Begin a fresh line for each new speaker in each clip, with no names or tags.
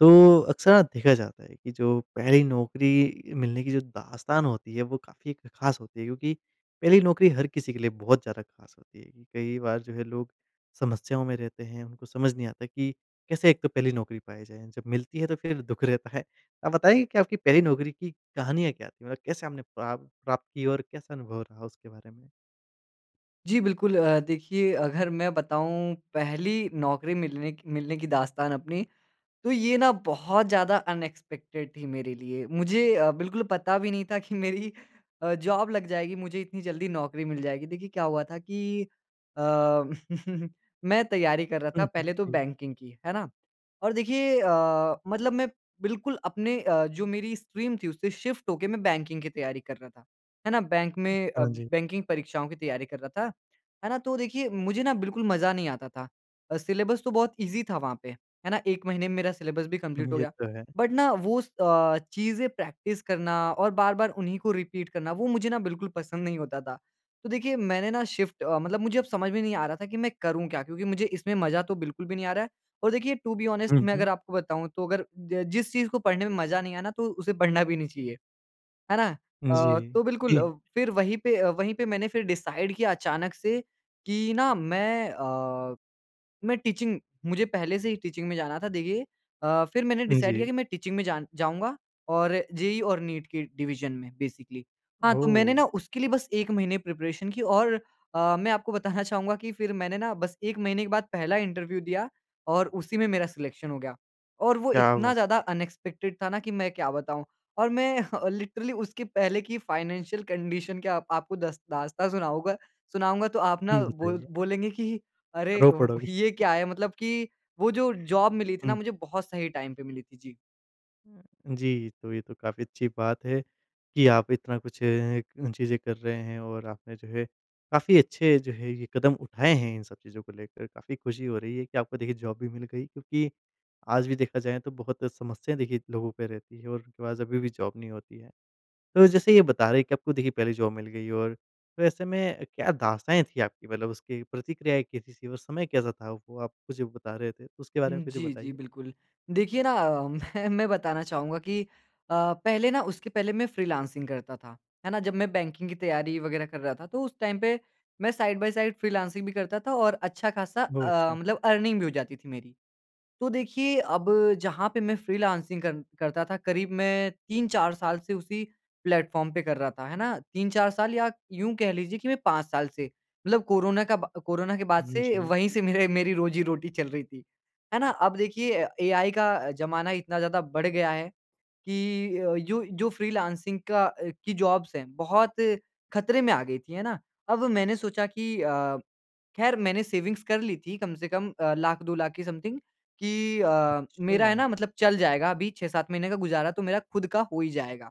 तो, अक्सर ना देखा जाता है कि जो पहली नौकरी मिलने की जो दास्तान होती है, वो काफ़ी एक ख़ास होती है, क्योंकि पहली नौकरी हर किसी के लिए बहुत ज़्यादा ख़ास होती है। कई बार जो है लोग समस्याओं में रहते हैं, उनको समझ नहीं आता कि कैसे एक तो पहली नौकरी पाई जाए जब मिलती है तो फिर दुःख रहता है। आप बताएँगे कि आपकी पहली नौकरी की कहानियाँ क्या थी मतलब कैसे आपने प्राप प्राप्त की और कैसा अनुभव रहा उसके बारे में?
जी बिल्कुल। अ, देखिए अगर मैं बताऊँ पहली नौकरी मिलने क मिलने की दास्तान अपनी, तो ये ना बहुत ज़्यादा अनएक्सपेक्टेड थी मेरे लिए। मुझे अ, बिल्कुल पता भी नहीं था कि मेरी अ, जॉब लग जाएगी मुझे इतनी जल्दी नौकरी मिल जाएगी। देखिए क्या हुआ था कि अ, मैं तैयारी कर रहा
हुँ,
था
हुँ,
पहले तो
जी।
बैंकिंग की, है ना? और देखिए अ, मतलब मैं बिल्कुल अपने अ, जो मेरी स्ट्रीम थी उससे शिफ़्ट होके मैं बैंकिंग की तैयारी कर रहा था। है ना? बैंक में अ,
हाँ जी।
बैंकिंग परीक्षाओं की तैयारी कर रहा था। है ना? तो देखिए मुझे ना बिल्कुल मज़ा नहीं आता था। अ, सिलेबस तो बहुत ईज़ी था वहाँ पे, है ना? एक महीने में मेरा सिलेबस भी
हुँ,
कंप्लीट
हुँ,
हो
ये
गया।
तो है।
बट ना वो स अ, चीज़ें प्रैक्टिस करना और बार-बार उन्हीं को रिपीट करना वो मुझे ना बिल्कुल पसंद नहीं होता था। तो देखिए मैंने ना शिफ़्ट अ, मतलब मुझे अब समझ में नहीं आ रहा था कि मैं करूँ क्या? क्योंकि मुझे इसमें मज़ा तो बिल्कुल भी नहीं आ रहा है। और देखिए, टू बी ऑनेस्ट
हुँ,
मैं
हुँ।
अगर आपको बताऊँ तो अगर ज जिस चीज़ को पढ़ने में मज़ा नहीं आए ना, तो उसे पढ़ना भी नहीं चाहिए। है ना? अ,
जी,
तो बिल्कुल
ती
फिर वही पे अ, वहीं पे मैंने फिर डिसाइड किया अचानक से कि ना मैं अ, मैं टीचिंग मुझे पहले से ही टीचिंग में जाना था देखिए अ, फिर मैंने डिसाइड किया
जी।
कि मैं टीचिंग में जान जाऊँगा और जेईई और नीट की डिवीज़न में बेसिकली। हाँ, तो मैंने
ओह!
ना उसके लिए बस 1 महीने प्रिपरेशन की और अ, मैं आपको बताना चाहूँगा कि फिर मैंने ना बस 1 महीने के बाद पहला इंटरव्यू दिया और उसी में मेरा सिलेक्शन हो गया। और वो
क्या बात
इतना ज़्यादा
है!
अनएक्सपेक्टेड था ना कि मैं क्या बताऊँ। और मैं लिटरली उसके पहले की फाइनेंशियल कंडीशन क्या आप आपको दस दास्तान सुनाऊँगा सुनाऊँगा तो आप ना
हुँ,
बोल
बताइए।
बोलेंगे कि अरे,
रो
व
पड़ोगे।
ही ये क्या है? मतलब कि वो जो जॉब मिली थी ना
हुँ।
मुझे बहुत सही टाइम पे मिली थी। जी।
हाँ जी। तो ये तो काफ़ी अच्छी बात है कि आप इतना कुछ अ, चीज़ें कर रहे हैं और आपने जो है काफ़ी अच्छे जो हैं ये कदम उठाए हैं इन सब चीज़ों को लेकर। काफ़ी खुशी हो रही है कि आपको देखिए जॉब भी मिल गई। क्योंकि आज भी देखा जाए तो बहुत समस्याएँ देखिए लोगों पे रहती हैं और थोड़ा-सा अभी भी जॉब नहीं होती है। तो जैसे ये बता रहे हैं कि आपको देखिए पहली जॉब मिल गई और तो ऐसे में क्या दास्ताँऐं थी आपकी मतलब उसकी प्रतिक्रियाएँ कैसी थी और समय कैसा था? वो आप मुझे बता रहे थे, उसके बारे में
हुँ,
कुछ
जी जी,
बताइए।
बिल्कुल। देखिए ना, मैं मैं बताना चाहूँगा कि अ, पहले ना उसके पहले मैं फ़्रीलॉन्सिंग करता था, है ना? जब मैं बैंकिंग की तैयारी वग़ैरह कर रहा था तो उस टाइम पे मैं साइड बाई साइड फ़्रीलॉन्सिंग भी करता था और अच्छा-खासा
बहुत
अ,
अच्छा।
मतलब अर्निंग भी हो जाती थी मेरी। तो देखिए अब जहाँ पे मैं फ़्रीलॉन्सिंग कर करता था करीब मैं 3-4 साल से उसी प्लेटफ़ॉर्म पे कर रहा था, है ना? 3-4 साल या यूँ कह लीजिए कि मैं 5 साल से मतलब कोरोना का ब कोरोना के बाद
हुँ,
से
जी।
वहीं से मेरे मेरी रोज़ी-रोटी चल रही थी। है ना? अब देखिए एआई का ज़माना इतना ज़्यादा बढ़ गया है कि अ, जो जो फ़्रीलॉन्सिंग का अ, की जॉब्स हैं, बहुत खतरे में आ गयी थीं, है ना? अब मैंने सोचा की अ, ख़ैर मैंने सेविंग्स कर लीं थीं कम से कम अ, 100000-200000 की समथिंग। कि अ, मेरा है
अच्छा।
ना मतलब चल जाएगा अभी 6-7 महीने का गुज़ारा तो मेरा खुद का हो ही जाएगा।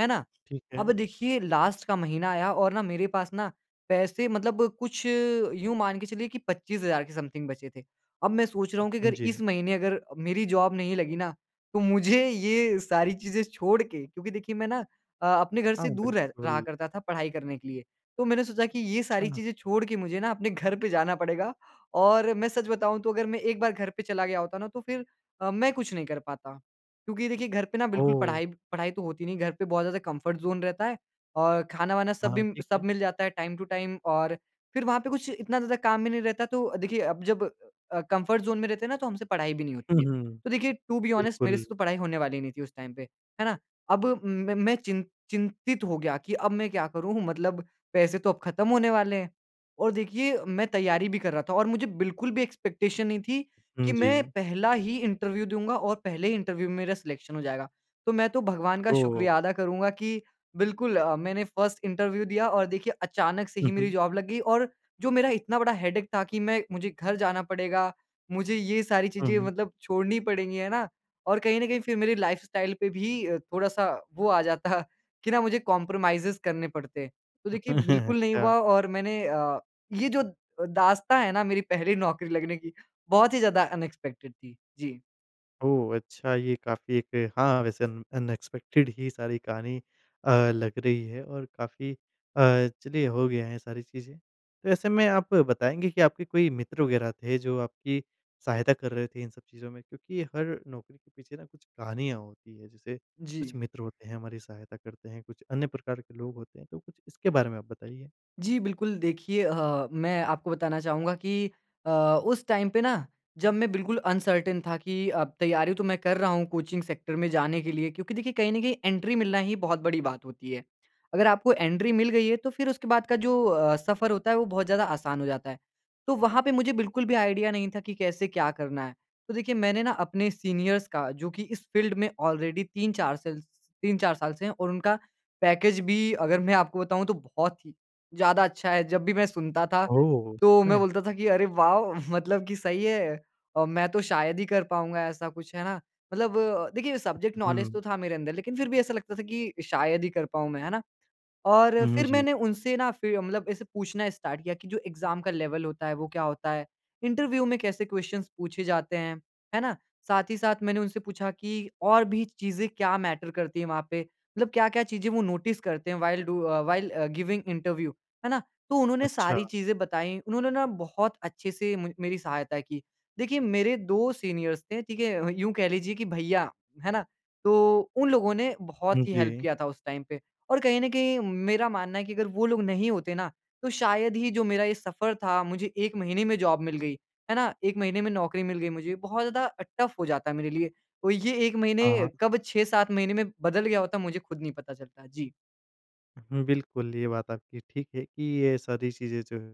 है ना?
ठीक
अब
है।
देखिए लास्ट का महीना आया और ना मेरे पास ना पैसे मतलब कुछ यूँ मान के चलिए कि 25000 के समथिंग बचे थे। अब मैं सोच रहा हूँ कि
उम,
अगर इस
जी।
महीने अगर मेरी जॉब नहीं लगी ना तो मुझे ये सारी चीज़ें छोड़ के क्योंकि देखिए मैं ना अ, अपने घर
हाँ,
से दूर रह रहा
बिल्कुल।
करता था पढ़ाई करने के लिए। तो मैंने सोचा कि ये सारी
अच्छा।
चीज़ें छोड़ के मुझे ना अपने घर पे जाना पड़ेगा और मैं सच बताऊँ तो अगर मैं एक बार घर पे चला गया होता ना तो फिर अ, मैं कुछ नहीं कर पाता। क्योंकि देखिए घर पे ना बिल्कुल
ओह!
पढ़ाई पढ़ाई तो होती नहीं, घर पे बहुत ज़्यादा कम्फर्ट ज़ोन रहता है। और खाना-वाना
हाँ,
सबी
हाँ, ठीक
सब
है।
मिल जाता है टाइम टू टाइम और फिर वहाँ पे कुछ इतना ज़्यादा काम भी नहीं रहता। तो देखिए अब जब अ, कम्फर्ट ज़ोन में रहते हैं ना तो हमसे पढ़ाई भी नहीं होती
हुँ,
है।
हुँ।
तो देखिए टू बी ऑनेस्ट मेरे
बिल्कुल।
से तो पढ़ाई होने वाली नहीं थी उस टाइम पे, है ना? अब मैं मैं चिन चिंतित हो गया कि अब मैं क्या करूँ? मतलब पैसे तो अब खत्म होने वाले हैं। और देखिए मैं तैयारी भी कर रहा था और मुझे बिल्कुल भी एक्सपेक्टेशन नहीं थी कि
हुँ,
मैं
जी।
पहला ही इंटरव्यू दूँगा और पहले ही इंटरव्यू में मेरा सिलेक्शन हो जाएगा। तो मैं तो भगवान का
ओह!
शुक्रिया अदा करूँगा कि बिल्कुल अ, मैंने फर्स्ट इंटरव्यू दिया और देखिए अचानक से ही
हुँ,
मेरी
हुँ।
जॉब लग गयी और जो मेरा इतना बड़ा हेडेक था कि मैं मुझे घर जाना पड़ेगा। मुझे ये सारी
अ,
चीज़ें
हुँ।
मतलब छोड़नी पड़ेंगी, है ना? और कहीं न कहीं फिर मेरी लाइफ़स्टाइल पे भी थोड़ा-सा वो आ जाता कि ना मुझे कोम्प्रोमाइज़ेज़ करने पड़ते। तो देखिए बिल्कुल नहीं
अच्छा।
हुआ और मैंने अ, ये जो अ, दास्ताँ है ना मेरी पहली नौकरी लगने की, बहुत ही ज़्यादा अनएक्सपेक्टेड थी। जी।
ओह! अच्छा ये काफ़ी एक हाँ वैसे अन अनएक्सपेक्टेड ही सारी कहानी अ, लग रही है और काफ़ी अ, चलिए हो गया है ये सारी चीज़ें। तो ऐसे में आप बताएँगे कि आपके कोई मित्र वगैरह थे जो आपकी सहायता कर रहे थे इन सब चीज़ों में? क्योंकि हर नौकरी के पीछे ना कुछ कहानियाँ होती हैं जैसे
जी।
कुछ मित्र होते हैं हमारी सहायता करते हैं कुछ अन्य प्रकार के लोग होते हैं तो कुछ इसके बारे में आप बताइए।
जी। बिल्कुल देखिए अ, मैं आपको बताना चाहूँगा कि अ, उस टाइम पे ना जब मैं बिल्कुल अनसर्टेन था कि अब तैयारी तो मैं कर रहा हूँ कोचिंग सेक्टर में जाने के लिए क्योंकि देखिए कहीं न कहीं एंट्री मिलना ही बहुत बड़ी बात होती है। अगर आपको एंट्री मिल गई है तो फिर उसके बाद का जो अ, सफ़र होता है वो बहुत ज़्यादा आसान हो जाता है। तो वहाँ पे मुझे बिल्कुल भी आइडिया नहीं था कि कैसे क्या करना है? तो देखिए मैंने ना अपने सीनियर्स का जो कि इस फ़ील्ड में ऑलरेडी 3-4 सेल स 3-4 साल से हैं और उनका पैकेज भी अगर मैं आपको बताऊँ तो बहुत ही ज़्यादा अच्छा है। जब भी मैं सुनता था
ओह! सच
तो मैं
में?
बोलता था कि, "अरे वॉव, मतलब कि सही है। अ, मैं तो शायद ही कर पाऊँगा ऐसा कुछ।" है ना? मतलब देखिए सब्जेक्ट नौलेज
हुँ।
तो था मेरे अंदर लेकिन फिर भी ऐसा लगता था कि शायद ही कर पाऊँ मैं, है ना? और
हुँ, हुँ।
फिर
जी।
मैंने उनसे ना फिर मतलब ऐसे पूछना स्टार्ट किया कि जो एग्ज़ाम का लेवल होता है वो क्या होता है? इंटरव्यू में कैसे क्वेश्चन्स पूछे जाते हैं, है ना? साथ ही साथ मैंने उनसे पूछा कि और भी चीज़ें क्या मैटर करती हैं वहाँ पे मतलब क्या-क्या चीज़ें वो नोटिस करते हैं while do uh, while uh, giving interview है ना? तो उन्होंने सारी
अच्छा।
चीज़ें बताईं। उन्होंने ना बहुत अच्छे से म मेरी सहायता की। देखिए मेरे 2 सीनियर्स थे, ठीक है? यूँ कह लीजिए कि भईया, है ना? तो उन लोगों ने
हुँ,
बहुत ही हेल्प
जी।
किया था उस टाइम पे। और कहीं न कहीं मेरा मानना है कि अगर वो लोग नहीं होते ना तो शायद ही जो मेरा ये सफ़र था, मुझे 1 महीने में जॉब मिल गई। है ना? 1 महीने में नौकरी मिल गई मुझे। बहुत ज़्यादा अ, टफ़ हो जाता है मेरे लिए। तो ये 1 महीने
हाँ।
कब 6-7 महीने में बदल गया होता मुझे खुद नहीं पता चलता। जी।
हुँ, बिल्कुल। ये बात आपकी ठीक है कि ये सारी चीज़ें जो है,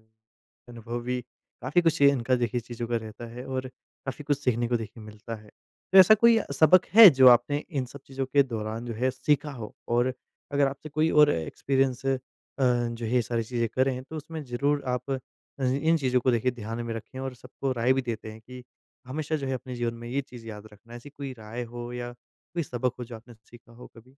अनुभवी, काफ़ी कुछ ये इनका देखिए चीज़ों का रहता है, और काफ़ी कुछ सीखने को देखिए मिलता है। तो ऐसा कोई सबक है जो आपने इन सब चीज़ों के दौरान जो है सीखा हो? और अगर आपसे कोई और एक्सपीरियंस अ, जो है ये सारी चीज़ें करें, तो उसमें ज़रूर आप अज इन चीज़ों को देखिए ध्यान में रखें, और सबको राय भी देते हैं कि हमेशा जो है अपने जीवन में ये चीज़ याद रखना। ऐसी कोई राय हो या कोई सबक हो जो आपने सीखा हो कभी?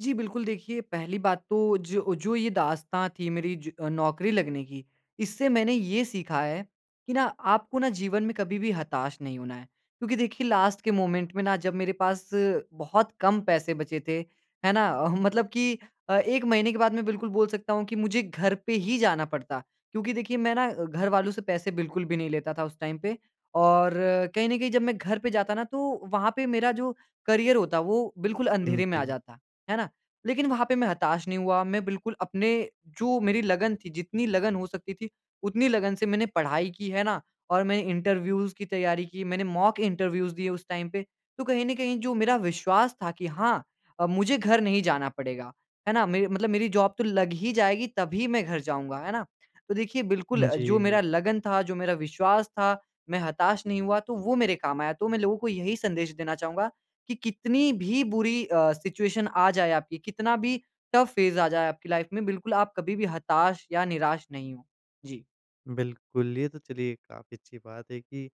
जी, बिल्कुल। देखिए, पहली बात तो जो जो ये दास्ताँ थी मेरी ज नौकरी लगने की, इससे मैंने ये सीखा है कि ना आपको ना जीवन में कभी भी हताश नहीं होना है। क्योंकि देखिए लास्ट के मोमेंट में ना जब मेरे पास बहुत कम पैसे बचे थे, है ना, अह, मतलब कि अ, 1 महीने के बाद मैं बिल्कुल बोल सकता हूँ कि मुझे घर पे ही जाना पड़ता, क्योंकि देखिए मैं ना अ, घर वालों से पैसे बिल्कुल भी नहीं लेता था उस टाइम पे। और कहीं न कहीं जब मैं घर पे जाता ना, तो वहाँ पे मेरा जो करियर होता, वो बिल्कुल
हुँ,
अंधेरे में आ
जी।
जाता, है ना। लेकिन वहाँ पे मैं हताश नहीं हुआ, मैं बिल्कुल अपने जो मेरी लगन थी, जितनी लगन हो सकती थी, उतनी लगन से मैंने पढ़ाई की, है ना। और मैंने इंटरव्यूज़ की तैयारी की, मैंने मॉक इंटरव्यूज़ दिए उस टाइम पे। तो कहीं न कहीं जो मेरा विश्वास था कि हाँ अ, मुझे घर नहीं जाना पड़ेगा, है ना, मेर मतलब मेरी जॉब तो लग ही जाएगी, तभी मैं घर जाऊँगा, है ना। तो देखिए बिल्कुल
हुँ,
अ, जो मेरा
जी।
लगन था, जो मेरा विश्वास था, मैं हताश नहीं हुआ, तो वो मेरे काम आया। तो मैं लोगों को यही संदेश देना चाहूँगा कि कितनी भी बुरी अ, सिचुएशन आ जाए आपकी, कितना भी टफ़ फ़ेज़ आ जाए आपकी लाइफ़ में, बिल्कुल आप कभी भी हताश या निराश नहीं हों। जी।
बिल्कुल, ये तो चलिए काफ़ी अच्छी बात है कि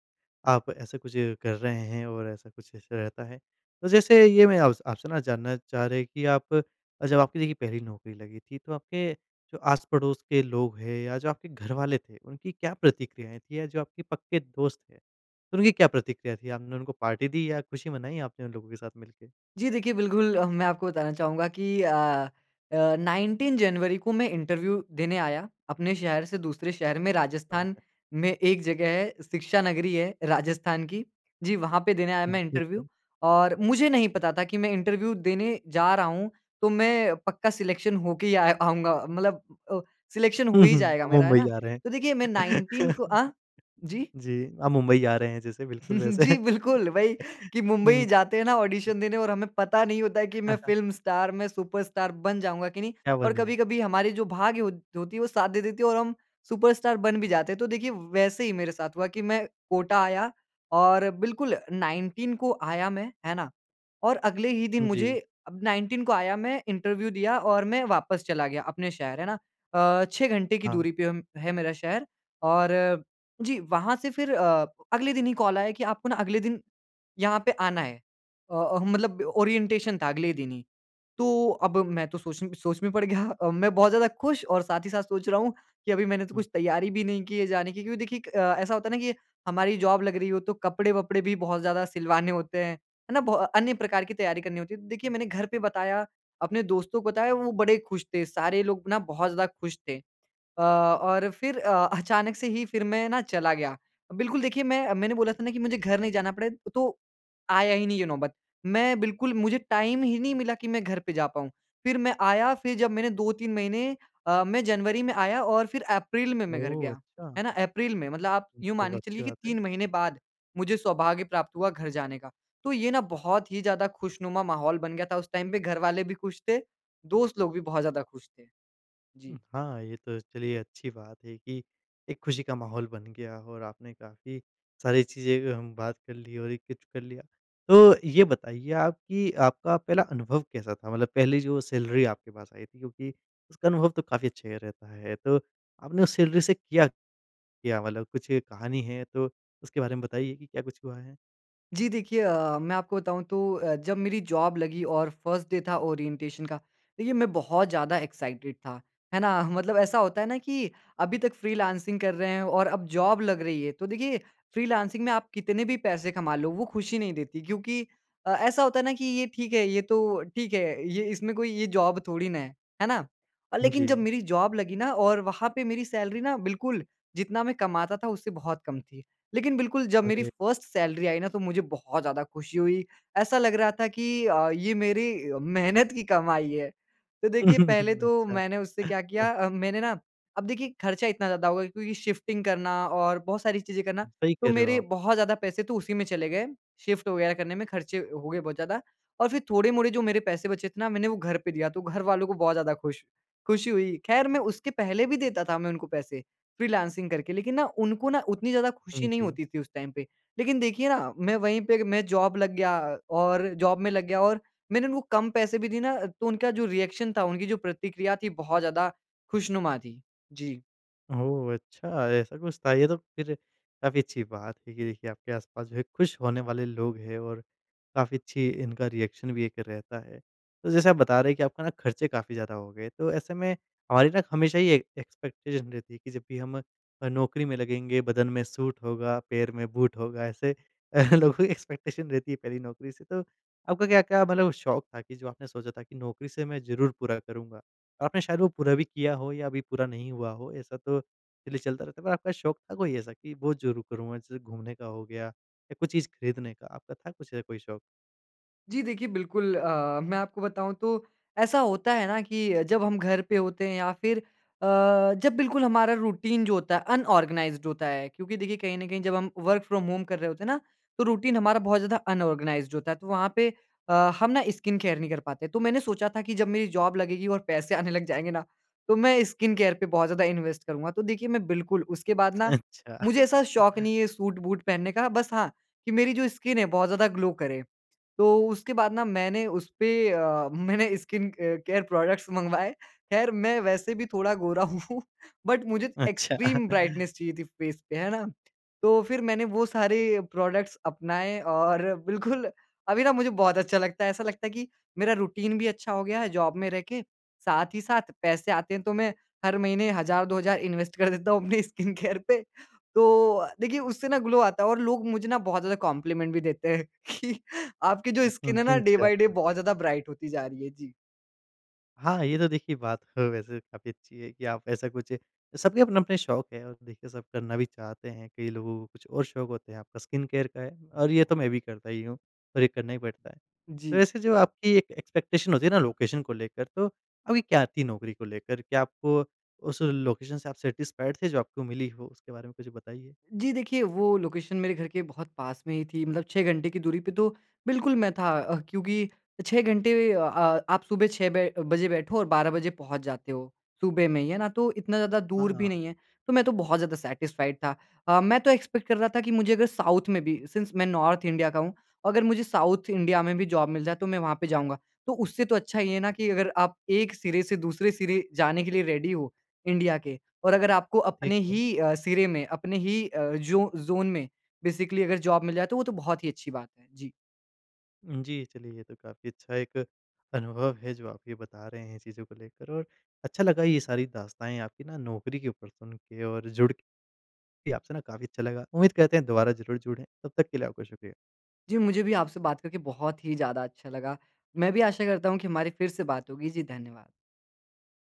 आप ऐसा कुछ कर रहे हैं और ऐसा कुछ इश रहता है। तो जैसे ये मैं आपसे आपसे जानना चाह रहे हैं कि आप अ, जब आपकी देखिए पहली नौकरी लगी थी तो आपके जो आस-पड़ोस के लोग हैं या जो आपके घरवाले थे उनकी क्या प्रतिक्रियाएँ थीं या जो आपके पक्के दोस्त थे उनकी क्या प्रतिक्रिया थी? आपने उनको पार्टी दी या खुशी मनाई आपने उन लोगों के साथ मिलके?
जी देखिए, बिल्कुल अ, मैं आपको बताना चाहूँगा कि अ अ, 19 जनवरी को मैं इंटरव्यू देने आया अपने शहर से दूसरे शहर में
क्या
राजस्थान
बात।
में एक जगह है, शिक्षा नगरी है राजस्थान की। जी, वहाँ पे देने आया
हुँ,
मैं
ठीक
इंटरव्यू
है।
और मुझे नहीं पता था कि मैं इंटरव्यू देने जा रहा हूँ तो मैं पक्का सेलेक्शन हो के ही आ आऊँगा मतलब अ, सेलेक्शन हो
हुँ,
ही
हुँ,
जाएगा
आप
मेरा, है
मुंबई
ना?
जा रहे
तो
हैं।
देखिए मैं 19 को अ, जी?
जी, आप मुंबई जा रहे हैं जैसे बिल्कुल वैसे
जी बिल्कुल वही कि
हुँ।
मुंबई जाते हैं ना ऑडिशन देने और हमें पता नहीं होता है कि मैं फिल्म स्टार मैं सुपरस्टार बन जाऊँगा की नहीं
क्या
और
बनूँ?
कभी-कभी हमारी जो भाग्य हो होती वो साथ दे देती है और हम सुपरस्टार बन भी जाते हैं। तो देखिए व वैसे ही मेरे साथ हुआ कि मैं कोटा आया और बिल्कुल 19 को आया मैं है ना? और अगले ही दिन मुझे
जी।
अब 19 को आया मैं इंटरव्यू दिया और मैं वापस चला गया अपने शहर, है ना? अ, 6 घंटे की
हाँ।
दूरी पे हम है मेरा शहर। और जी, वहाँ से फिर अ, अगले दिन ही कॉल आया कि आपको ना अगले दिन यहाँ पे आना है। अ अ, मतलब ओरिएंटेशन था अगले दिन ही, तो अब मैं तो सोच म सोच में पड़ गया मैं बहुत ज़्यादा खुश और साथ ही साथ सोच रहा हूँ कि अभी मैंने तो
हुँ।
कुछ तैयारी भी नहीं की है जाने की क्योंकि देखिए क अ, ऐसा होता है ना कि हमारी जॉब लग रही हो तो कपड़े-वपड़े भी बहुत ज़्यादा सिलवाने होते हैं, है ना? बो अ, अन्य प्रकार की तैयारी करनी होती है तो देखिए, मैंने घर पे बताया अपने दोस्तों को बताया वो बड़े खुश थे सारे लोग ना बहुत ज़्यादा खुश थे। अ, और फिर अ, अचानक से ही फिर मैं ना चला गया। बिल्कुल देखिए, मैं मैंने बोला था ना कि मुझे घर नहीं जाना पड़े तो आया ही नहीं ये नौबत। मैं बिल्कुल मुझे टाइम ही नहीं मिला कि मैं घर पे जा पाऊँ। फिर मैं आया, फिर जब मैंने 2 3 महीने अ, मैं जनवरी में आया और फिर अप्रैल में मैं घर
ओह!
गया,
अच्छा।
है ना? अप्रैल में, मतलब आप यूँ
तो
मान के
अच्छी
चलिए कि
बात है।
3 महीने बाद मुझे सौभाग्य प्राप्त हुआ घर जाने का तो ये ना बहुत ही ज़्यादा खुशनुमा माहौल बन गया था उस टाइम पे घरवाले भी खुश थे दोस्त लोग भी बहुत ज़्यादा खुश थे।
उम,
जी।
हाँ, ये तो चलिए अच्छी बात है कि एक खुशी का माहौल बन गया और आपने काफ़ी सारी चीज़ें कि हम बात कर ली और ये कुछ कर लिया। तो ये बताइए आप कि आपका पहला अनुभव कैसा था मतलब पहली जो सैलरी आपके पास आई थी क्योंकि उसका अनुभव तो काफ़ी अच्छा ही रहता है, तो आपने उस सैलरी से किया क्या? मतलब कुछ कहानी है तो उसके बारे में बताइए कि क्या कुछ हुआ है?
जी, देखिए अ, मैं आपको बताऊँ तो अ, जब मेरी जॉब लगी और फर्स्ट डे था ओरिएंटेशन का, देखिए मैं बहुत ज़्यादा एक्साइटेड था। है ना? मतलब ऐसा होता है ना कि अभी तक फ्रीलांसिंग कर रहे हैं और अब जॉब लग रही है, तो देखिए फ्रीलांसिंग में आप कितने भी पैसे कमा लो, वो खुशी नहीं देती क्योंकि अ, ऐसा होता है ना कि ये ठीक है, ये तो ठीक है, ये इसमें कोई ये जॉब थोड़ी ना है, है ना? अ, लेकिन जब
जी।
मेरी जॉब लगी ना और वहाँ पे मेरी सैलरी ना बिल्कुल, जितना मैं कमाता था, उससे बहुत कम थी। लेकिन बिल्कुल जब मेरी
अरे!
फर्स्ट सैलरी आई ना, तो मुझे बहुत ज़्यादा खुशी हुई। ऐसा लग रहा था कि अ, ये मेरी मेहनत की कमाई है। तो देखिए, पहले तो
अच्छा।
मैंने उससे क्या किया अ, मैंने ना अब देखिए, खर्चा इतना ज़्यादा होगा क्योंकि शिफ्टिंग करना और बहुत सारी चीज़ें करना,
सही
तो
कह रहे हो
मेरे
आप।
बहुत ज़्यादा पैसे तो उसी में चले गए। शिफ्ट वगैरह करने में खर्चे अ, हो गए बहुत ज़्यादा और फिर थोड़े-मोड़े जो मेरे पैसे बचे थे ना, मैंने वो घर पे दिया, तो घर वालों को बहुत ज़्यादा खुश खुशी हुई। ख़ैर, मैं उसके पहले भी देता था मैं उनको पैसे फ्रीलांसिंग करके, लेकिन ना उनको ना उतनी ज़्यादा खुशी
हुँ,
नहीं
जी।
होती थी उस टाइम पे। लेकिन देखिए ना, मैं वहीं पे एक मैं जॉब लग गया और जॉब में लग गया और मैंने उनको कम पैसे भी दिए ना, तो उनका जो रिएक्शन था, उनकी जो प्रतिक्रिया थी, बहुत ज़्यादा खुशनुमा थी। जी।
ओह! अच्छा ऐसा कुछ था? ये तो फ़िर काफ़ी अच्छी बात है कि देखिए आपके आस-पास जो है खुश होने वाले लोग हैं और काफ़ी अच्छी इनका रिएक्शन भी एक रहता है। तो जैसे आप बता रहे हैं कि आपका ना खर्चे काफ़ी ज़्यादा हो गए तो ऐसे में हमारी ना हमेशा ही ए एक्सपेक्टेशन रहती है कि जब भी हम नौकरी में लगेंगे बदन में सूट होगा, पैर में बूट होगा ऐसे लोगों की एक्सपेक्टेशन रहती है पहली नौकरी से। तो आपका क्या-क्या मतलब शौक था कि जो आपने सोचा था कि नौकरी से मैं ज़रूर पूरा करूँगा। आपने शायद वो पूरा भी किया हो या अभी पूरा नहीं हुआ हो, ऐसा तो इसलिए चलता रहता है। पर आपका शौक था कोई ऐसा कि वो ज़रूर करूँगा, जैसे घूमने का हो गया या कोई चीज़ खरीदने का, आपका था कुछ अ, कोई शौक?
जी देखिए बिल्कुल अ, मैं आपको बताऊँ तो ऐसा होता है ना कि जब हम घर पे होते हैं या फ़िर अ, जब बिल्कुल हमारा रूटीन जो होता है। अनऑर्गनाइज़्ड होता है क्योंकि देखिए कहीं ना कहीं जब हम वर्क फ्रॉम होम कर रहे होते हैं ना तो रूटीन हमारा बहुत ज़्यादा अनऑर्गनाइज़्ड होता है। तो वहाँ पे अ, हम ना स्किन केयर नहीं कर पाते तो मैंने सोचा था कि जब मेरी जॉब लगेगी और पैसे आने लग जाएँगे ना तो मैं स्किन केयर पे बहुत ज़्यादा इन्वेस्ट करूँगा। तो देखिए मैं बिल्कुल उसके बाद ना
अच्छा।
मुझे ऐसा शौक नहीं है सूट-बूट पहनने का बस हाँ कि मेरी जो स्किन है बहुत ज़्यादा ग्लो करे। तो उसके बाद ना मैंने उसपे अ, मैंने स्किन अ केयर प्रोडक्ट्स मँगवाएँ ख़ैर मैं वैसे भी थोड़ा गोरा हूँ। बट मुझे
अच्छा।
एक्सट्रीम ब्राइटनेस चाहिए थी फ़ेस पे है ना? तो फ़िर मैंने वो सारे प्रोडक्ट्स अपनाए और बिल्कुल अभी ना मुझे बहुत अच्छा लगता है। ऐसा लगता है कि मेरा रूटीन भी अच्छा हो गया है जॉब में रह के साथ ही साथ पैसे आते हैं। तो मैं हर महीने हज़ार, दो हज़ार इन्वेस्ट कर देता हूँ अपने स्किन केयर पे। तो देखिए उससे ना ग्लो आता है। और लोग मुझे ना बहुत ज़्यादा कॉम्प्लीमेंट भी देते हैं कि आपकी जो
उम्म,
स्किन है ना
हुँ।
डे बाय डे
अच्छा।
बहुत ज़्यादा ब्राइट होती जा रही है जी।
हाँ, ये तो देखिए बात ह वैसे काफ़ी अच्छी है कि आप ऐसा कुछ सबके अपने-अपने शौक हैं और देखिए सब करना भी चाहते हैं। कई लोगों को कुछ और शौक होते हैं। आपका स्किन केयर का है और ये तो मैं भी करता ही हूँ और ये करना ही पड़ता है। तो
जी।
वैसे जो आपकी एक एक्सपेक्टेशन होती है ना, लोकेशन को लेकर तो आपकी क्या थी नौकरी को लेकर क्या आपको उस लोकेशन से आप सैटिस्फाइड थे जो आपको मिली हो? उसके बारे में कुछ बताइए?
जी। देखिए वो लोकेशन मेरे घर के बहुत पास में ही थी मतलब 6 घंटे की दूरी पे। तो बिल्कुल मैं था अ, क्योंकि 6 घंटे अ, आप सुबह 6 बै बजे बैठो और 12 बजे पहुँच जाते हो सुबह में ही है ना। तो इतना ज़्यादा
हाँ,
दूर भी
हाँ।
नहीं है तो मैं तो बहुत ज़्यादा सेटिस्फाइड था। अ, मैं तो एक्सपेक्ट कर रहा था कि मुझे अगर साउथ में भी सिंस मैं नॉर्थ इंडिया का हूँ। अगर मुझे साउथ इंडिया में भी जॉब मिल जाए तो मैं वहाँ पे जाऊँगा। तो उससे तो अच्छा ये है ना, कि अगर आप एक सिरे से दूसरे सिरे जाने के लिए रेडी हो इंडिया के। और अगर आपको
ठीक
अपने
है।
ही अ, सिरे में अपने ही अ, जो ज़ोन में बेसिकली अगर जॉब मिल जाए तो वो तो बहुत ही अच्छी बात है। जी।
उ जी। चलिए ये तो काफ़ी अच्छा एक अनुभव है जो आप ये बता रहे हैं चीज़ों को लेकर। और अच्छा लगा ये सारी दास्ताएँ आपकी ना नौकरी के ऊपर सुन के और जुड़ के कि आपसे ना काफ़ी अच्छा लगा। उम्मीद करते हैं दोबारा ज़रूर जुड़ें। तब तक के लिए आपका शुक्रिया।
जी। मुझे भी आपसे बात करके बहुत ही ज़्यादा अच्छा लगा। मैं भी आशा करता हूँ कि हमारी फिर से बात होगी। जी, धन्यवाद।